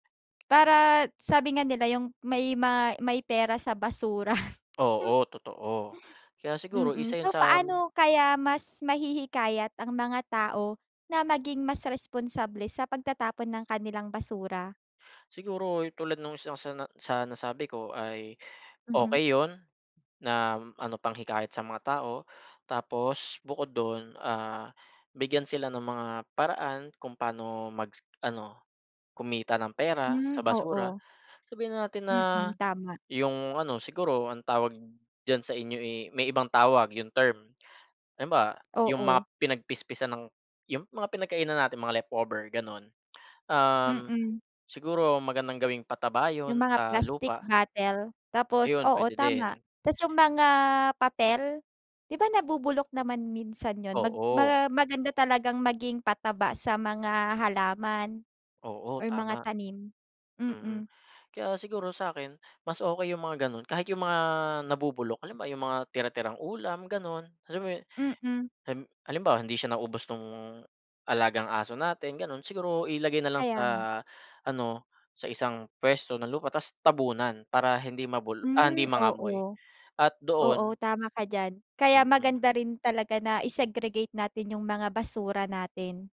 Para sabi nga nila yung may ma may pera sa basura. Oo totoo, kaya siguro Mm, isa yun so sam paano kaya mas mahihikayat ang mga tao na maging mas responsable sa pagtatapon ng kanilang basura? Siguro yung tulad nung isa sa na sa nasabi ko ay Mhm. okey yun na ano panghikayat sa mga tao tapos bukod dun, ah, bigyan sila ng mga paraan kung paano mag ano kumita ng pera Hmm, sa basura. oo. Sabihin na natin na Mm, tama. yung ano siguro ang tawag dyan sa inyo, eh, may ibang tawag yung term. Halimbawa, yung Oo. mga pinagpispisan ng yung mga pinagkainan natin, mga leftover ganon, um, Mm. siguro magandang gawing pataba Yung yun mga sa plastic lupa. bottle tapos Ayun oo pwede tama. din. Tas yung mga papel, 'di ba nabubulok naman minsan yun? Mag Oo. ma maganda talagang maging pataba sa mga halaman Oo, or mga tama, tanim, mm. mm. Kaya siguro sa 'kin, mas okey yung mga ganun kahit yung mga nabubulok, halimbawa yung mga tira-tirang ulam ganon. Alam mo yun Mm. ehm halimbawa, hindi siya naubos nung alagang aso natin ganon. Siguro ilagay na lang sa Kaya nga. ano sa isang pwesto ng lupa ta's tabunan para hindi mabulo ah, hindi Hmm, mangamoy oo. at Oo, doon. tama ka dyan kaya Mm. maganda rin talaga na i-segregate natin yung mga basura natin.